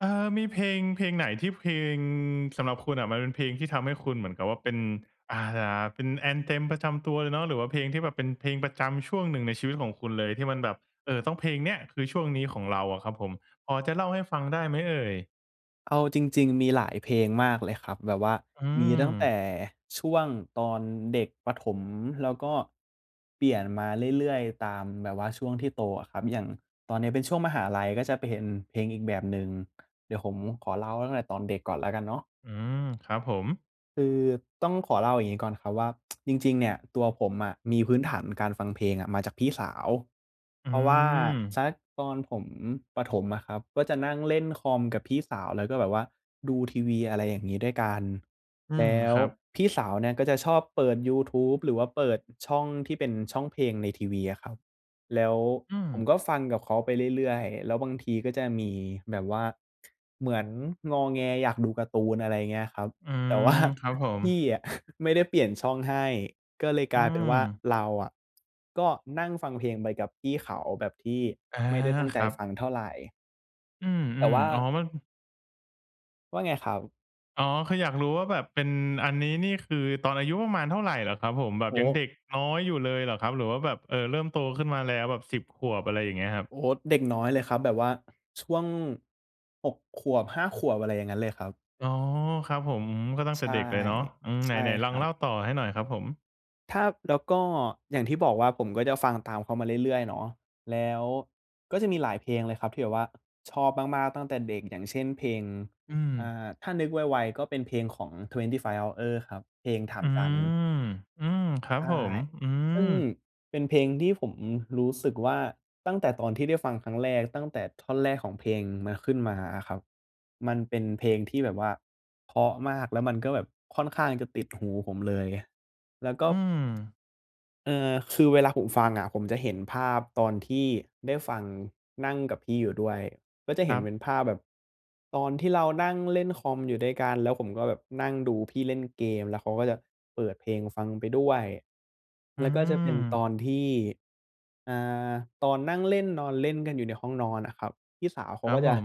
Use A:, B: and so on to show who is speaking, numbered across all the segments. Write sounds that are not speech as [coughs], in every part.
A: เอ่อ มีเพลง เพลงไหนที่ เพลง สำหรับคุณอะ มันเป็นเพลงที่ทำให้คุณเหมือนกับว่าเป็น อ่า เป็น anthem ประจำตัวเลยเนาะ หรือว่าเพลงที่แบบเป็นเพลงประจำช่วงหนึ่งในชีวิตของคุณเลย ที่มันแบบ เอ่อ ต้องเพลงเนี่ยคือช่วงนี้ของเราอะครับผม พอจะเล่าให้ฟังได้ไหมเอ่ย?
B: เอาจริง ๆ มีหลายเพลงมากเลยครับ แบบว่า
A: อื
B: มีตั้งแต
A: ม
B: ่ช่วงตอนเด็กประถม แล้วก็เปลี่ยนมาเรื่อย ๆ ตามแบบว่าช่วงที่โตอะครับ อย่างตอนนี้เป็นช่วงมหาลัย ก็จะไปเป็นเพลงอีกแบบหนึ่ง เดี๋ยวผมขอเล่าตั้งแต่ตอนเด็กก่อนแล้วกันเนาะ
A: อืม ครับผม
B: คือต้องขอเล่าอย่างงี้ก่อนครับว่า [tsk] จริง ๆ เนี่ยตัวผมอะมีพื้นฐานการฟังเพลงอะมาจากพี่สาว
A: อื
B: เพราะว่าส
A: ม
B: ักตอนผมประถมอะครับ ก็จะนั่งเล่นคอมกับพี่สาว แล้วก็แบบว่าดูทีวีอะไรอย่างงี้ด้วยกัน
A: อื
B: แล
A: ม
B: ้
A: ค
B: ว
A: รับ
B: พี่สาวเนี่ย ก็จะชอบเปิดยูทูบหรือว่าเปิด อ ช่องที่เป็นช่องเพลงในทีวีอะครับ แล้ว
A: อืม
B: ผมก็ฟังกับเขาไปเรื่อย ๆ แล้วบางทีก็จะมีแบบว่า เหมือนงอแงอยากดูการ์ตูน อะไรเงี้ยครับ
A: อื
B: แต่ ว
A: ม
B: ่า
A: ครับผ
B: พ
A: ม
B: ี่อะ [chuckles] ไม่ได้เปลี่ยนช่องให้ ก็เลยก
A: อื
B: ลายเป็นว่า
A: ม
B: เราอะ ก็นั่งฟังเพลงไปกับพี่เขาแบบที่
A: อา
B: ไม่ได้ตั้งใ
A: ค
B: จ
A: รับ
B: ฟังเท่าไร
A: อื
B: แต่
A: ม
B: ว่า
A: ๆ อ๋อ มัน
B: ว่าไงครับ?
A: อ๋อ คืออยากรู้ว่าแบบเป็นอันนี้นี่ คือตอนอายุประมาณเท่าไรเหรอครับผม? แบ
B: โ
A: บ
B: อ้
A: ยั
B: โ
A: ง
B: ฮ!
A: เด็กน้อยอยู่เลยเหรอครับ หรือว่าแบบ เออ เริ่มโตขึ้นมาแล้วแบบ 10 ขวบอะไรอย่างเงี้ยครับ?
B: โอ้โฮ! เด็กน้อย เลยครับ แบบว่า ช่วง 6 ขวบ 5 ขวบ อะไรอย่างงั้นเลยครับ
A: อ๋อ ครับผม ก็ตั้ง
B: ใ
A: แต
B: ช
A: ่
B: ่
A: เด็กเลยเนาะ อืม
B: ใ
A: ไ
B: ช
A: หน
B: ่
A: ไหนล
B: ค
A: อ
B: ร
A: ง
B: ั
A: เล
B: บ
A: ่าต่อให้หน่อยครับผม?
B: ถ้า แล้วก็อย่างที่บอกว่า ผมก็จะฟังตามเขามาเรื่อย ๆ เนาะ แล้ว ก็จะมีหลายเพลงเลยครับที่แบบว่า ชอบมาก ๆ ตั้งแต่เด็ก อย่างเช่น เพลง
A: อื
B: อ่
A: ม
B: า ถ้านึกไว ๆ ก็เป็นเพลงของ 25hours ครับ เพลงถา
A: อ
B: ม
A: ื
B: จันทร์
A: ม อืม ครั
B: ใ
A: บ
B: ช่
A: ผม อื
B: ซึ่
A: ม
B: งเป็นเพลงที่ผมรู้สึกว่า ตั้งแต่ตอนที่ได้ฟังครั้งแรก ตั้งแต่ท่อนแรกของเพลงมันขึ้นมาอะครับ มันเป็นเพลงที่แบบว่าเพราะมาก แล้วมันก็แบบค่อนข้างจะติดหู ผมเลย แล้วก็
A: อืม
B: [tsk] เอ่อ คือเวลาผมฟังอะ ผมจะเห็นภาพตอนที่ได้ฟังนั่งกับพี่อยู่ด้วย ก็จะ
A: ค
B: เห
A: ร
B: ็
A: ั
B: น
A: บ
B: เป็นภาพแบบ ตอนที่เรานั่งเล่นคอมอยู่ด้วยกัน แล้วผมก็แบบนั่งดูพี่เล่นเกม แล้วเขาก็จะเปิดเพลงฟังไปด้วย
A: อื
B: แล้วก็จะเป็นต
A: ม
B: อนที่ อ่า ตอนนั่งเล่นนอนเล่นกันอยู่ในห้องนอนอะครับ พี่สาวเข
A: ค
B: า
A: รั
B: ก
A: บ
B: ็จ
A: ผ
B: ะ
A: ม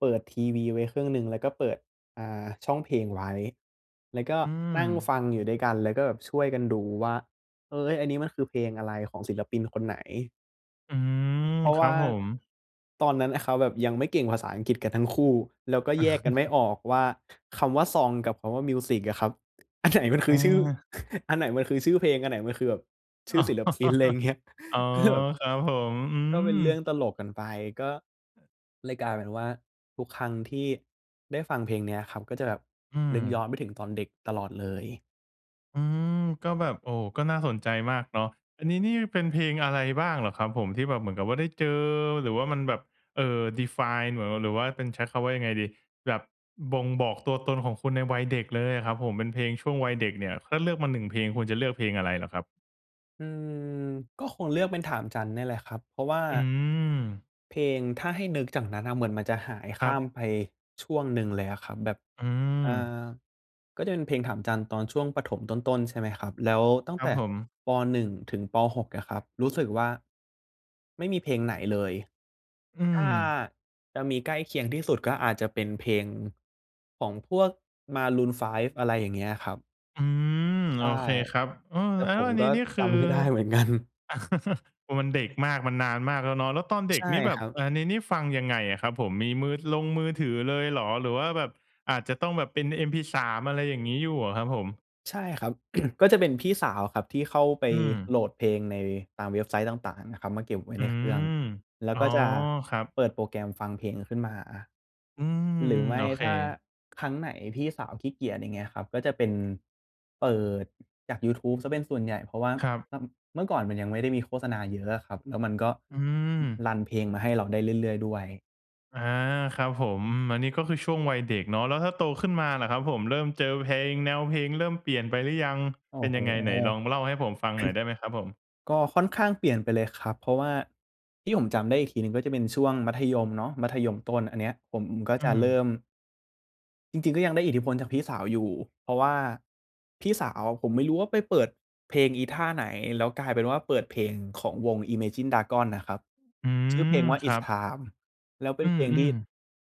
B: เปิดทีวีไว้เครื่องหนึ่ง แล้วก็เปิด อ่า ช่องเพลงไว้ แล้วก็
A: อื
B: นั่งฟ
A: ม
B: ังอยู่ด้วยกัน แล้วก็แบบช่วยกันดูว่า เออ "เฮ้ย อันนี้มันคือเพลงอะไรของศิลปินคนไหน?"
A: อืม
B: เพราะ
A: ค
B: ว
A: ร
B: ่
A: ั
B: า
A: บผม
B: ตอนนั้นนะครับแบบยังไม่เก่งภาษาอังกฤษกันทั้งคู่ แล้วก็แยกกันไม่
A: [chuckles]
B: ออกว่า คำว่า ซอง กับคำว่า มิวซิกอะครับ อันไหนมันค
A: อ
B: ือชื่อ
A: า
B: อันไหนมันคือชื่อเพลง อันไหนมันคือแบบชื่อ ศิลปิน อะไรอย่างเงี้ย
A: [chuckles] อ๋อ
B: ก็เลยแบบ
A: ครับผม อื
B: ก็เป็นเรื่อง
A: ม
B: ตลกกันไป ก็
A: เออ
B: เลยกลายเป็นว่าทุกครั้งที่ได้ฟังเพลงเนี้ยครับ ก็จะแบบ
A: อื
B: นึก
A: ม
B: ย้อนไปถึงตอนเด็กตลอดเลย
A: อืม ก็แบบ โอ้โฮ ก็น่าสนใจมากเนาะ อันนี้นี่เป็นเพลงอะไรบ้างเหรอครับผม ที่แบบเหมือนกับว่าได้เจอ หรือว่ามันแบบ เอ่อ define เหรอ หรือว่าเป็น ใช้คำว่ายังไงดี แบบบ่งบอกตัวตนของคุณในวัยเด็กเลยอะครับผม เป็นเพลงช่วงวัยเด็กเนี่ย ถ้าเลือกมา 1 เพลงคุณจะเลือกเพลงอะไรเหรอครับ?
B: อืม ก็คงเลือกเป็น "ถามจันทร์" เนี่ยแหละครับ เพราะว่า
A: อืม
B: เพลง ถ้าให้นึกจากนั้นเหมือนมันจะหายข
A: ครั
B: ้าม
A: บ
B: ไปช่วงหนึ่งเลยอะครับ แบบ
A: อื
B: อ
A: ม
B: า ก็จะเป็นเพลง "ถามจันทร์" ตอนช่วงประถมต้น ๆ ใช่ไหมครับ แล้วตั้
A: ค
B: ง
A: ร
B: แ
A: ั
B: ต
A: บ
B: ่
A: ผม
B: ป. 1 ถึง ป. 6 อะครับ รู้สึกว่า ไม่มีเพลงไหนเลย
A: อื
B: ถ้า
A: ม
B: จะมีใกล้เคียงที่สุดก็อาจจะเป็นเพลงของพวก Maroon 5 อะไรอย่างเงี้ยครับ
A: อืม
B: ใช
A: โ
B: ่
A: อเคครับ เออ
B: แต่
A: แล้
B: ผ
A: ว
B: ม
A: อันน
B: ก
A: ี
B: ็
A: ้นี่ค
B: จ
A: ือ
B: ำ ไม่ได้เหมือนกัน
A: [laughs] พอมันเด็กมาก มันนานมากแล้วเนาะ แล้วตอนเด็
B: ใช
A: ก
B: ่
A: นี่แบ
B: ค
A: บ
B: รับ
A: อ่า นี่ ๆ ฟังยังไงอะครับผม? มีมือ ลงมือถือเลยเหรอ หรือว่าแบบอาจจะต้องแบบเป็น MP3 อะไรอย่างงี้อยู่อะครับผม?
B: ใช่ครับ [clears throat] ก็จะเป็นพี่สาวครับที่เข้าไป
A: อืม
B: โหลดเพลง ในตามเว็บไซต์ต่าง ๆ นะครับ มาเก็บไว้
A: อื
B: ในเครื่อง
A: ม
B: แล้ว
A: อ๋อ
B: ก็จะ
A: ครับ
B: เปิดโปรแกรมฟังเพลงขึ้นมา
A: อืม
B: หรือไม
A: โ
B: ่
A: อเค
B: ถ้าครั้งไหนพี่สาวขี้เกียจ อย่างเงี้ยครับ ก็จะเป็นเปิด จากยูทูบเสียเป็นส่วนใหญ่ เพราะว่า
A: ครับ
B: ม เมื่อก่อนมันยังไม่ได้มีโฆษณาเยอะอะครับ แล้วมันก็
A: อืม
B: รันเพลงมาให้เราได้เรื่อย ๆ ด้วย
A: อา ครับผม อันนี้ก็คือช่วงวัยเด็กเนาะ แล้วถ้าโตขึ้นมาล่ะครับผม เริ่มเจอเพลง แนวเพลงเริ่มเปลี่ยนไปหรือยัง?
B: โอ
A: เ
B: ้
A: ป็น
B: โฮ!
A: ยังไง?
B: [coughs]
A: ไหนลองเล่าให้ผมฟังหน่อยได้ไหมครับผม?
B: ก็ค่อนข้างเปลี่ยนไปเลยครับ เพราะว่าที่ผมจำได้อีกทีหนึ่งก็จะเป็นช่วงมัธยมเนาะ มัธยมต้น อันเนี้ยผมก็
A: อื
B: จะเริ
A: ม
B: ่ม จริง ๆ ก็ยังได้อิทธิพลจากพี่สาวอยู่ เพราะว่าพี่สาวผมไม่รู้ว่าไปเปิดเพลงอีท่าไหน แล้วกลายเป็นว่าเปิดเพลงของวง Imagine Dragons นะครับ
A: อื
B: ชื่อเพล
A: ม
B: งว่า
A: ครั
B: It's
A: บ
B: Time แล้วเป็
A: อ
B: น
A: ื
B: เพลงที่
A: ม ๆ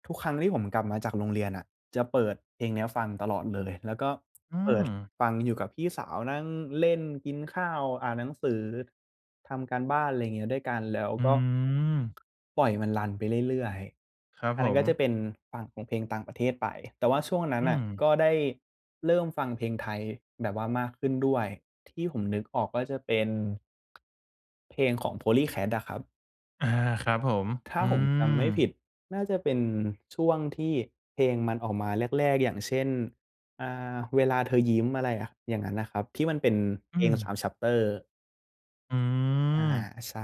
B: ทุกครั้งที่ผมกลับมาจากโรงเรียนอะ จะเปิดเพลงเนี้ยฟังตลอดเลย แล้วก็
A: อื
B: เปิด
A: ม
B: ฟังอยู่กับพี่สาว นั่งเล่น กินข้าว อ่านหนังสือ ทำการบ้าน อะไรงี้ด้วยกัน แล้ว
A: อ
B: ก
A: ื
B: ็
A: ม
B: ปล่อยมันรันไปเรื่อย
A: ครับ
B: ๆ อัน
A: ผ
B: นั้นก
A: ม
B: ็จะเป็นฝั่งของเพลงต่างประเทศไป แต่ว่าช่วงนั้น
A: อื
B: น่ะ
A: ม
B: ก็ได้เริ่มฟังเพลงไทยแบบว่ามากขึ้นด้วย ที่ผมนึกออกก็จะเป็น เพลงของ Polycat อะครับ
A: อา ครับผม
B: ถ้
A: อ
B: า
A: ื
B: ผมจำไม่ผิ
A: อ
B: ด น่าจะเป็นช่วงที่เพลงมันออกมาแรก ๆ อย่างเช่น อ่า เวลาเธอยิ้ม อะไรอะ อย่างนั้นนะครับ ที่มันเป็นเ
A: อ
B: พ
A: ื
B: ลง ส
A: ม
B: าม แช็ปเตอร์
A: อื
B: อา
A: อ
B: ใช่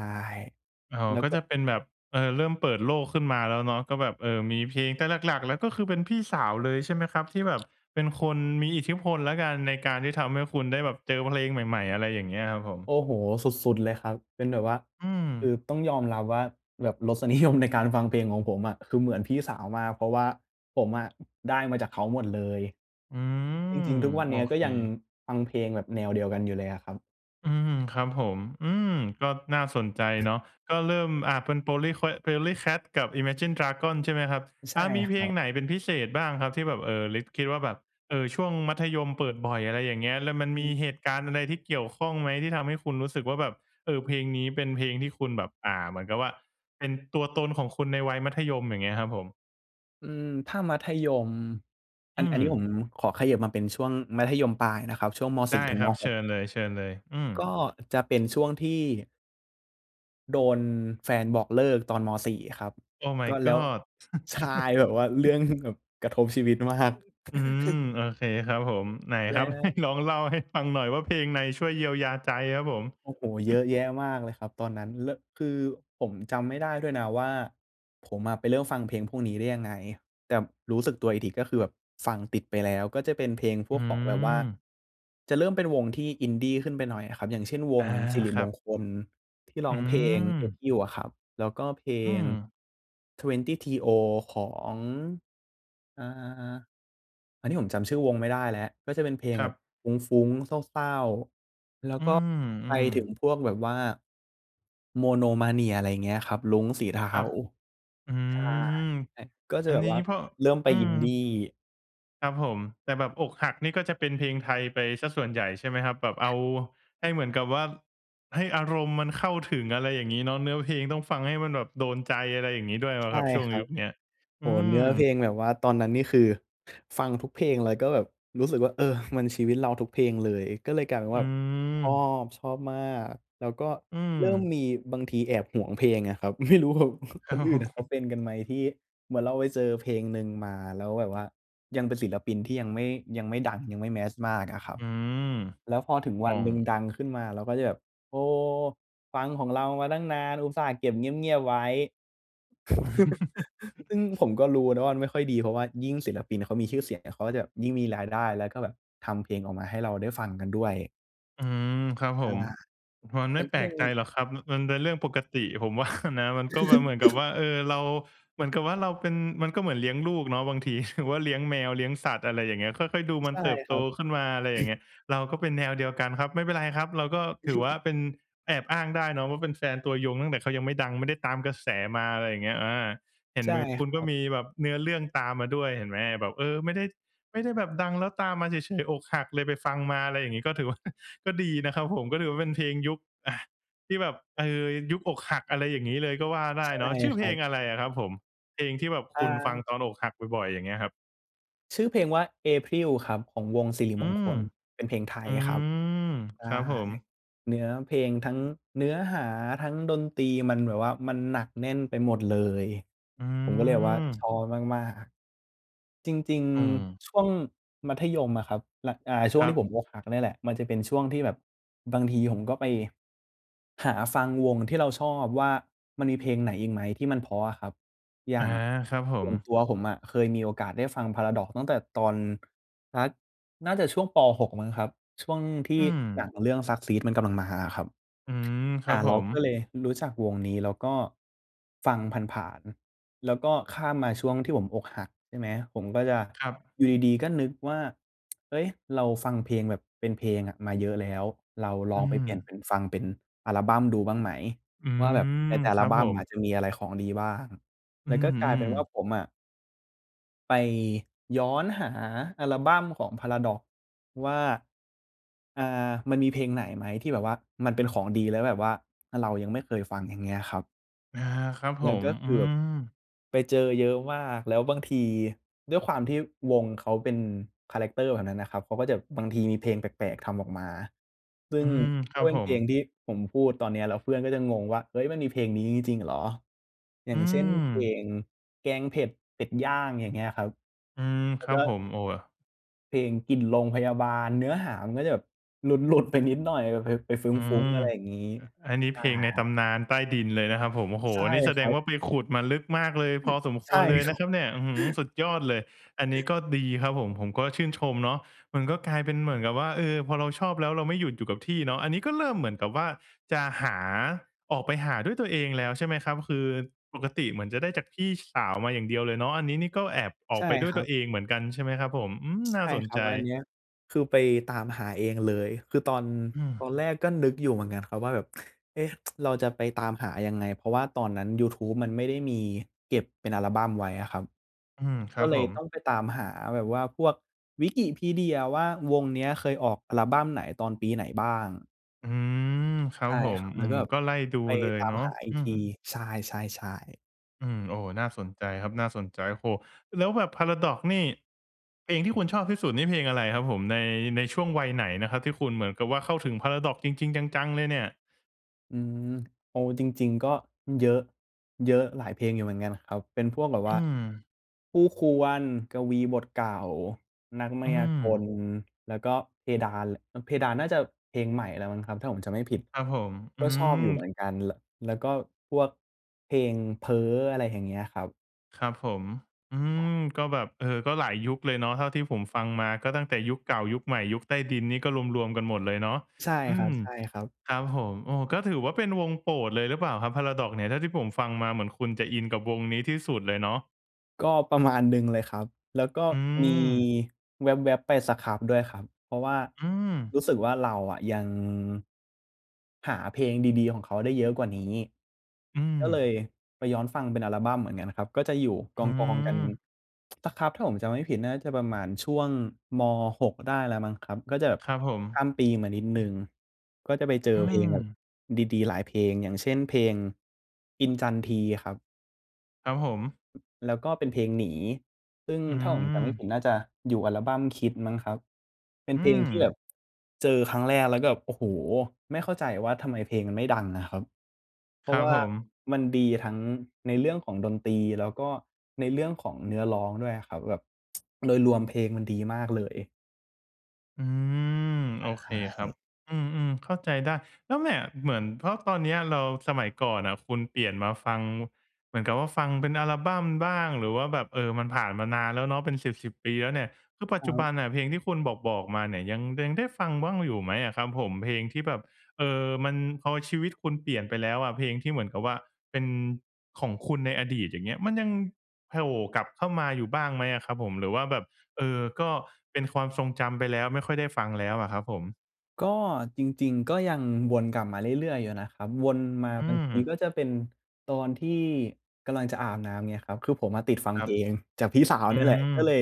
A: อ๋อ
B: แล้ว
A: ก็
B: ก็
A: จะเป็นแบบ เออ เริ่มเปิดโลกขึ้นมาแล้วเนาะ ก็แบบ เออ มีเพลง แต่หลัก ๆ ก็คือเป็นพี่สาวเลยใช่ไหมครับ ที่แบบ เป็นคนมีอิทธิพลแล้วกัน ในการที่ทำให้คุณได้แบบเจอเพลงใหม่ ๆ อะไรอย่างเงี้ยครับผม?
B: โอ้โฮ สุด ๆ เลยครับ เป็นแบบว่า
A: อื
B: คือ
A: อ
B: ต้องยอมรับว่าแบบ รสนิยมในการฟังเพลงของผมอะ คือเหมือนพี่สาวมาก เพราะว่าผมอะ ได้มาจากเขาหมดเลย
A: อื
B: จ
A: ม
B: ริง ๆ ทุกวัน
A: โอ
B: เนี้ย ก็
A: เค
B: ยังฟังเพลงแบบแนวเดียวกันอยู่เลยอะครับ
A: อืม ครับผม อือ ก็น่าสนใจเนาะ ก็เริ่ม อา เป็นโพลี่แควท POLYCAT กับ Imagine Dragons ใช่ไหมครับ
B: อ ใช
A: อ
B: ่
A: า มี
B: ค
A: เพ
B: ร
A: ล
B: ั
A: ง
B: บ
A: ไหนเป็นพิเศษบ้างครับที่แบบ เออ ริด คิดว่าแบบ เออ ช่วงมัธยมเปิดบ่อย อะไรอย่างเงี้ย แล้
B: อ
A: ว
B: ื้
A: ม
B: อ
A: ัน
B: ฮื
A: มี
B: อ
A: เหตุการณ์อะไรที่เกี่ยวข้องไหม ที่ทำให้คุณรู้สึกว่าแบบ เออ เพลงนี้เป็นเพลงที่คุณแบบ อ่า เหมือนกับว่าเป็นตัวตนของคุณในวัยมัธยม อย่างเงี้ยครับผม?
B: อืม ถ้า มัธยม อ
A: อื
B: ัน อันนี้
A: ม
B: ผมขอเขยิบมาเป็นช่วงมัธยมปลายนะครับ ช่วง ม.
A: ไ
B: ส
A: ด
B: ี
A: ้
B: ่ ถึง
A: คร
B: ม.
A: ับ
B: ห
A: เช
B: ก
A: ิญเลย ๆ อื
B: ก
A: ม
B: ็จะเป็นช่วงที่ โดนแฟนบอกเลิกตอน ม. 4 ครับ
A: Oh
B: ก
A: my
B: ็แล้ว
A: god
B: ใช่ แบบว่าเรื
A: [chuckles]
B: ่องกระทบชีวิต มาก
A: อื
B: [chuckles]
A: ม โอเคครับผม ไหน
B: แล
A: ค
B: ้
A: รับ
B: ว
A: [chuckles] ลองเล่าให้ฟังหน่อยว่าเพลงไหนช่วยเยียวยาใจครับผม?
B: โอ้โฮ เยอะแยะมากเลยครับตอนนั้น เริ่ม คือผมจำไม่ได้ด้วยนะว่าผมอะไปเริ่มฟังเพลงพวกนี้ได้ยังไง แต่รู้สึกตัวอีกทีก็คือแบบฟังติดไปแล้ว ก็จะเป็นเพลงพ
A: อ
B: ว
A: ื
B: กของแบบว่า
A: ม
B: จะเริ่มเป็นวงที่ Indy ขึ้นไปหน่อยอะครับ อย่างเช่น ว
A: อา
B: งศิริ
A: คร
B: ม
A: ั
B: ง
A: บ
B: คลที่ร
A: อ
B: ้อ
A: ื
B: งเพลง
A: ม
B: "April" อะครับ แล้วก็เพล
A: อื
B: ง
A: ม
B: "เทเวนตี้ทีโอ" ของ อ่า ๆ ๆ อันนี้ผมจำชื่อวงไม่ได้แล้ว ก็จะเป็นเพลง
A: คร
B: แ
A: ั
B: บ
A: บ
B: บฟุ้ง ๆ เศร้า ๆ
A: อื
B: แล้วก็ไป
A: ม
B: ถึ
A: ๆ
B: งพวกแบบว่า Monomania อะไรเงี้ยครับ "รุ้งสีเทา"
A: ครับ อื
B: ใช่
A: ม
B: ก็จ
A: อ
B: ะ
A: ัน
B: แบ
A: น
B: บ
A: ี้
B: ว่า
A: เพราะ
B: เริ่มไป
A: อืม
B: Indy
A: ครับผม แต่แบบอกหักนี่ก็จะเป็นเพลงไทยไปเสียส่วนใหญ่ใช่ไหมครับ? แบบเอาให้เหมือนกับว่า ให้อารมณ์มันเข้าถึง อะไรอย่างงี้เนาะ เนื้อเพลงต้องฟังให้มันแบบโดนใจ อะไรอย่างงี้ด้วยไหม
B: ใช่
A: ครับ? ช่วง
B: ครั
A: ย
B: บ
A: ุคเนี้ย
B: โ
A: อื
B: อ้โฮ! เน
A: ม
B: ื้อเพลงแบบว่า ตอนนั้นนี่คือฟังทุกเพลงเลยก็แบบ รู้สึกว่า เออ มันชีวิตเราทุกเพลงเลย ก็เลยกลายเป็น
A: อ
B: ว
A: ื
B: ่าชอ
A: ม
B: บ ชอบมาก แล้วก็
A: อื
B: เริ่ม
A: ม
B: มีบางทีแอบหวงเพลงอะครับ ไม่รู้แบบ คนอื่นเขา
A: [chuckles]
B: เป็นกันไหม? ที่เหมือนเราไปเจอเพลงหนึ่งมา แล้วแบบว่ายังเป็นศิลปินที่ยังไม่ ยังไม่ดัง ยังไม่ mass มากอะครับ
A: อืม
B: แล้วพอถึง
A: อ
B: ว
A: ๋
B: ั
A: อ
B: นหนึ่งดังขึ้นมา เราก็จะแบบ "โอ้โฮ! ฟังของเรามาตั้งนาน อุตส่าห์เก็บเงียบ ๆ ไว้" [chuckles] ซ
A: [chuckles]
B: ึ่งผมก็รู้นะว่ามันไม่ค่อยดี เพราะว่ายิ่งศิลปินเขามีชื่อเสียงเนี่ย เขาก็จะยิ่งมีรายได้ แล้วก็แบบทำเพลงออกมาให้เราได้ฟังกันด้วย
A: อืม ครับผ
B: อา
A: ม มันไม
B: มั
A: ่
B: น
A: แ
B: ก
A: ป
B: ็
A: ล
B: จะ
A: กใ
B: ม
A: จ
B: ี
A: หรอกครับ มันเป็นเรื่องปกติ ผม ว่า นะ มันก็มาเหมือนกับว
B: [laughs]
A: ่า เออ เรา เหมือนกับว่าเราเป็น มันก็เหมือนเลี้ยงลูกเนาะ บางทีถือว่าเลี้ยงแมว เลี้ยงสัตว์ อะไรอย่างเงี้ย ค่อย ๆ ดูมั
B: ใ
A: น
B: ช่
A: เติบ
B: ค
A: โต
B: รับ
A: ขึ้นมา อะไรอย่างเ
B: [clears throat]
A: งี้ย เราก็เป็นแนวเดียวกันครับ ไม่เป็นไรครับ เราก็ถือว่า
B: [chuckles]
A: เป็นแอบอ้างได้เนาะว่าเป็นแฟนตัวยงตั้งแต่เขายังไม่ดัง ไม่ได้ตามกระแสมา อะไรอย่างเงี้ย อา เห็
B: ใ
A: น
B: ช่
A: แบบคุ
B: ค
A: ณ
B: ร
A: ก
B: ั
A: ็ม
B: บ
A: ีแบบเนื้อเรื่องตามมาด้วย เห็นไหม แบบ เออ ไม่ได้ ไม่ได้แบบดังแล้วตามมาเฉย ๆ อกหักเลยไปฟังมา อะไรอย่างงี้ ก็ถือว่า [chuckles] ก็ดีนะครับผม ก็ถือว่าเป็นเพลงยุค อา ที่แบบ เออ ยุคอกหักอะไรอย่างงี้เลยก็ว่าได
B: ใช
A: ้
B: ่
A: เนาะ ชื่อ
B: ค
A: เพ
B: รั
A: ลง
B: บ
A: อะไรอะครับผม? เพลงที่แบบค
B: อ
A: ุณฟัง
B: า
A: ตอนอกหักบ่อย ๆ อย่างเงี้ยครับ
B: ชื่อเพลงว่า "April" ครับ ของวงศิริ
A: อื
B: มงค
A: ม
B: ล เป็นเพลงไท
A: อื
B: ยครับ
A: ม
B: ใช
A: ครั
B: ่
A: บผม
B: เนื้อเพลง ทั้งเนื้อหา ทั้งดนตรี มันแบบว่า มันหนักแน่นไปหมดเลย
A: อื
B: ผมก็เลยแบบว่า ช
A: ม
B: อบมาก ๆ จริง
A: อืม
B: ๆ ช่วงมัธยม อะครับ หนัก อ่า ช่
A: ค
B: วง
A: รั
B: ที
A: บ
B: ่ผมอกหักเนี่ยแหละ มันจะเป็นช่วงที่แบบ บางทีผมก็ไปหาฟังวงที่เราชอบว่ามันมีเพลงไหนอีกไหมที่มันเพราะอะครับ อย
A: อ
B: ่
A: า
B: าง
A: ครับผ
B: ส่วน
A: ม
B: ตัวผมอะเคยมีโอกาสได้ฟัง Paradox ตั้งแต่ตอน สักน่าจะช่วงป. 6 มั้งครับ ช่วงที
A: อื
B: ่หน
A: ม
B: ังเรื่อง "Suckseed" มันกำลังมาอะครับ
A: อืม ค
B: อ
A: ร
B: ่
A: ั
B: า
A: บผ
B: เรา
A: ม
B: ก็เลยรู้จักวงนี้ แล้วก็ฟังผ่าน ๆ แล้วก็ข้ามมาช่วงที่ผมอกหัก ใช่ไหม ผมก็จะ
A: ครับ
B: อยู่ดี ๆ ก็ นึกว่า "เฮ้ย เราฟังเพลงแบบเป็นเพลงอะมาเยอะแล้ว เราล
A: อื
B: องไปเปลี่ยน
A: ม
B: เป็นฟังเป็นอัลบั้มดูบ้างไหม?
A: อื
B: ว่าแบบใ
A: ม
B: นแต่อั
A: ค
B: ล
A: รับ
B: บั้
A: ผ
B: ม
A: ม
B: อาจจะมีอะไรของดีบ้าง?"
A: อ
B: แ
A: ื
B: ล้วก็กลายเป
A: ม
B: ็นว่า
A: ๆ
B: ผมอะ ไปย้อนหาอัลบั้มของ Paradox ว่า อา มันมีเพลงไหนไหม ที่แบบว่ามันเป็นของดี แล้วแบบว่า อา เรายังไม่เคยฟัง อย่างเงี้ยครับ
A: อา ครับ
B: แ
A: ผ
B: ล้วก
A: ม
B: ็เ
A: อ
B: ก
A: ื
B: ือบ
A: ม
B: ไปเจอเยอะมาก แล้วบางทีด้วยความที่วงเขาเป็นคาแรกเตอร์แบบนั้นน่ะครับ เขาก็จะ บางทีมีเพลงแปลก ๆ ทำออกมา ซึ่
A: อื
B: ง
A: ม คร
B: ก
A: ั
B: ็
A: บ
B: เป็
A: ผ
B: นเพลง
A: ม
B: ที่ผมพูดตอนเนี้ย แล้วเพื่อนก็จะงงว่า "เฮ้ย มันมีเพลงนี้จริง ๆ เหรอ?" อย
A: อ
B: ่
A: ื
B: างเช่น เพล
A: ม
B: ง "แกงเผ็ดเป็ดย่าง" อย่างเงี้ยครับ
A: อืม
B: แล
A: ค
B: ้ว
A: รั
B: ก
A: บ
B: ็
A: ผม โอ้ อ
B: เพลง "กลิ่นโรงพยาบาล" เนื้อหามันก็จะแบบหลุด ๆ ไปนิดหน่อยแบบไป ไปฟ
A: อื
B: ุ้ง
A: ม
B: ๆ อะไรอย่างงี้
A: อ อันนี้
B: ใช
A: เพ
B: ่
A: ลงในตำนานใต้ดินเลยนะ ครับผม โอ้โฮ
B: ใช่
A: นี่แส
B: ค
A: ด
B: รั
A: ง
B: บ
A: ว่าไปขุดมาลึกมากเลย พอสมค
B: ใช่
A: วรเลย
B: ค
A: น
B: รั
A: ะคร
B: บ
A: ับเนี่ย อื้อฮือ สุดยอดเลย อันนี้ก็ดีครับผม ผมก็ชื่นชมเนาะ มันก็กลายเป็นเหมือนกับว่า เออ พอเราชอบแล้ว เราไม่หยุดอยู่กับที่เนาะ อันนี้ก็เริ่มเหมือนกับว่าจะหา ออกไปหาด้วยตัวเองแล้ว ใช่ไหมครับ คือปกติเหมือนจะได้จากพี่สาวมาอย่างเดียวเลยเนาะ อันนี้นี่ก็แอบออ
B: ใช
A: ก
B: ่
A: ไปด้ว
B: ค
A: ย
B: ร
A: ต
B: ั
A: ั
B: บ
A: วเองเหมือนกัน ใช่ไหมครับผม อืม
B: ใช
A: น่า
B: ่
A: สน
B: ครั
A: ใจ
B: บ อันเนี้ยคือไปตามหาเองเลย คือตอน
A: อื
B: ต
A: ม
B: อนแรกก็นึกอยู่เหมือนกันครับ ว่าแบบ "เอ๊ะ [tsk] เราจะไปตามหายังไง?" เพราะว่าตอนนั้นยูทูบมันไม่ได้มีเก็บเป็นอัลบัมไว้อะครับ
A: อืม คร
B: ก
A: ั
B: ็
A: บ
B: เล
A: ผ
B: ยต้อ
A: ม
B: งไปตามหาแบบว่าพวก wikipedia ว่า "วงเนี้ยเคยออกอัลบั้มไหน? ตอนปีไหนบ้าง?"
A: อือ ครั
B: ใช
A: บ
B: ่
A: ผ
B: ค
A: ม
B: รับ แ
A: อ
B: ล
A: ื
B: ้ว
A: ม
B: แบบ
A: ก็ไล่ดู
B: ไป
A: เลย
B: ตา
A: เ
B: ม
A: นาะ
B: หาอี
A: อ
B: ก
A: ื
B: ท
A: ม
B: ี ใช่ ๆ ๆ
A: อืม โอ้ น่าสนใจครับ น่าสนใจ โอ้โฮ! แล้วแบบ Paradox นี่ เพลงที่คุณชอบที่สุดนี่เพลงอะไรครับผม? ใน ในช่วงวัยไหนนะครับที่คุณเหมือนกับว่าเข้าถึง Paradox จริง ๆ จัง ๆ เลยเนี่ย?
B: อืม เอาจริง ๆ ก็เยอะ เยอะ หลายเพลงอยู่เหมือนกันครับ เป็นพวกแบบ
A: อ
B: ว
A: ื
B: ่า
A: อ
B: "คู่ควร, กวีบทเก่า, นักมา
A: อื
B: ยากล"
A: อ
B: แล้วก็เพดาน ล เพดานน่าจะเพลงใหม่แล้วมั้งครับ ถ้าผมจำไม่ผิด
A: ครับผม อื
B: ก็ชอบอยู่เห
A: อ
B: มือนกัน ล แล้วก็พวกเพลง "เพ้อ" อะไรอย่างเงี้ยครับ
A: ครับผม อื
B: อ
A: ม
B: า
A: ก็แบบ เออ ก็หลายยุคเลยเนาะเท่าที่ผมฟังมา ก็ตั้งแต่ยุคเก่า ยุคใหม่ ยุคใต้ดินนี่ ก็รวม ๆ กันหมดเลยเนาะ
B: ใช่
A: อื
B: คร
A: ม
B: ับ
A: ครับ
B: ๆ
A: ผม โอ้ ก็ถือว่าเป็นวงโปรดเลยหรือเปล่าครับ Paradox เนี่ย? เท่าที่ผมฟังมาเหมือนคุณจะอินกับวงนี้ที่สุดเลยเนาะ
B: ก็ประมาณหนึ่ง เลยครับ แล้วก็
A: อื
B: มี
A: ม
B: แวบ ๆ ไป Scrubb ด้วยครับ เพราะว่า
A: อืม
B: รู้สึกว่า เราอะยัง หาเพลงดี ๆ ของเขาได้เยอะกว่านี้
A: อื
B: ก็เล
A: ม
B: ยไปย้อนฟังเป็นอัลบัมเหมือนกันนะครับ ก็จะอยู่ก
A: อื
B: อง ๆ กัน
A: ม
B: Scrubb ถ้าผมจำไม่ผิดน่าจะประมาณช่วง ม. 6 ได้แล้วมั้งครับ ก็จะแบบ
A: ครับผ
B: ข้
A: ม
B: าม ปีมานิดหนึ่ง ก็จะไปเจ
A: อ
B: อ
A: ื
B: เพลงแบบ
A: ม
B: ดี ๆ หลายเพลง อย่างเช่น เพลง "อินจันทรี" ครับ
A: ครับผม
B: แล้วก็เป็นเพลง "หนี" ซึ่ง
A: อื
B: ถ้าผมจำไม่ผ
A: ม
B: ิดน่าจะอยู่ออัลบัมคิดมั้งครับ เป็น
A: อื
B: เพลงที่แบ
A: ม
B: บ เจอครั้งแรกแล้วก็แบบ โอ้โฮ ไม่เข้าใจว่า ทำไมเพลงมันไม่ดังอะครับ เพ
A: ค
B: รา
A: ร
B: ะ
A: ั
B: ว
A: บ
B: ่า
A: ผม
B: มันดีทั้งในเรื่องของดนตรีแล้วก็ในเรื่องของเนื้อร้องด้วยอะครับ แบบ [tsk] โดยรวมเพลงมันดีมากเลย
A: อืม โอ
B: ใ
A: เคครับ
B: ช่
A: อืม ๆ เข้าใจได้ แล้วแมะ เหมือนเพราะตอนนี้เรา สมัยก่อนน่ะคุณเปลี่ยนมาฟัง เหมือนกับว่าฟังเป็นอัลบัมบ้าง หรือว่าแบบ เออ มันผ่านมานานแล้วเนาะเป็นสิบ ๆ ปีแล้วเนี่ย คือปั
B: ค
A: จ
B: ร
A: จุ
B: ั
A: บ
B: บ
A: ันน่ะเพลงที่คุณบอก ๆ มาเนี่ยยัง ยังได้ฟังบ้างอยู่ไหมอะครับผม? เพลงที่แบบ เอ่อ มัน พอชีวิตคุณเปลี่ยนไปแล้วอะ เพลงที่เหมือนกับว่าเป็นของคุณในอดีต อย่างเงี้ย มันยังโผล่กลับเข้ามาอยู่บ้างไหมอะครับผม? หรือว่าแบบ เออ ก็เป็นความทรงจำไปแล้ว ไม่ค่อยได้ฟังแล้วอะครับผม?
B: ก็จริง ๆ ก็ยังวนกลับมาเรื่อย ๆ อยู่นะครับ วนมา
A: อื
B: บางที
A: ม
B: ก็จะเป็นตอนที่กำลังจะอาบน้ำ อย่างเงี้ยครับ คือผมมาติดฟัง
A: คร
B: เ
A: ั
B: พ
A: บ
B: ลงจากพี่สาว
A: อื
B: เนี่ยแหละ
A: อ
B: ก็เลย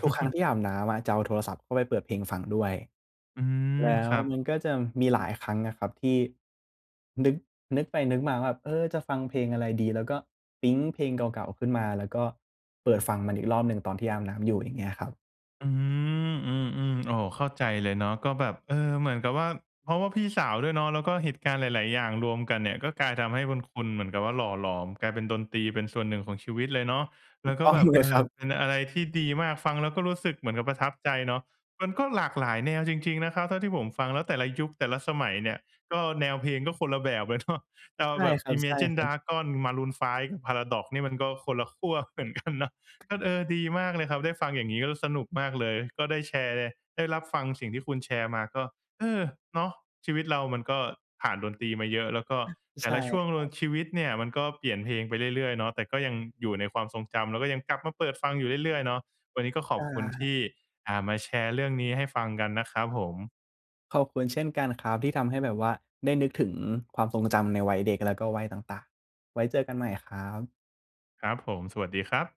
B: ทุกครั้งที่อาบน้ำอะจะเอาโทรศัพท์เข้าไปเปิดเพลงฟังด้วย
A: อืม
B: แล้
A: ค
B: ว
A: รับ
B: มันก็จะมีหลายครั้งนะครับที่ นึก นึกไปนึกมาว่าแบบ "เออ จะฟังเพลงอะไรดี?" แล้วก็ปิ๊งเพลงเก่า ๆ ขึ้นมา แล้วก็เปิดฟังมันอีกรอบหนึ่งตอนที่อาบน้ำอยู่ อย่างเงี้ยครับ
A: อืม อืม ๆ โอ้ เข้าใจเลยเนาะ ก็แบบ เอ่อ เหมือนกับว่า เพราะว่าพี่สาวด้วยเนาะ แล้วก็เหตุการณ์หลาย ๆ อย่างรวมกันเนี่ย ก็กลาย ทำให้คุณ คุณเหมือนกับว่าหล่อหลอม กลายเป็นดนตรีเป็นส่วนหนึ่งของชีวิตเลยเนาะ
B: ถ
A: แ
B: ู
A: ล้
B: ก
A: วก
B: ต
A: ็
B: ้อง
A: แบบ
B: เล
A: เอ
B: ยคร
A: อ
B: ั
A: เป็
B: บ
A: นอะไรที่ดีมาก ฟังแล้วก็รู้สึกเหมือนกับประทับใจเนาะ มันก็หลากหลายแนวจริง ๆ นะครับเท่าที่ผมฟัง แล้วแต่ละยุคแต่ละสมัยเนี่ยก็แนวเพลงก็คนละแบบเลยเนาะ เอา
B: ใช่
A: แบบ
B: ครั
A: Imagine
B: บ ๆ
A: Dragons Maroon 5 ฮ Paradox นี่มันก็คนละขั้วเหมือนกันเนาะ ก็ เออ ดีมากเลยครับได้ฟังอย่างนี้ก็ ล สนุกมากเลย ก็ได้แชร์ ได้รับฟังสิ่งที่คุณแชร์มาก็ เออ เนาะ ชีวิตเรามันก็ผ่านดนตรีมาเยอะ แล้วก็แต
B: ใช
A: ่
B: ่
A: ละช่วง
B: คร
A: ล
B: ั
A: ง
B: บ
A: ชีวิตเนี่ย มันก็เปลี่ยนเพลงไปเรื่อย ๆ เนาะ แต่ก็ยังอยู่ในความทรงจำแล้วก็ยังกลับมาเปิดฟังอยู่เรื่อย ๆ เนาะ วันนี้ก็ข
B: ใช
A: อบคุณท
B: ่
A: ี่ อ่า มาแชร์เรื่องนี้ให้ฟังกันนะครับผม
B: ขอบคุณเช่นกันครับ ที่ทำให้แบบว่าได้นึกถึงความทรงจำในวัยเด็กแล้วก็วัยต่าง ๆ ไว้เจอกันใหม่ครับ
A: ครับผม สวัสดีครับ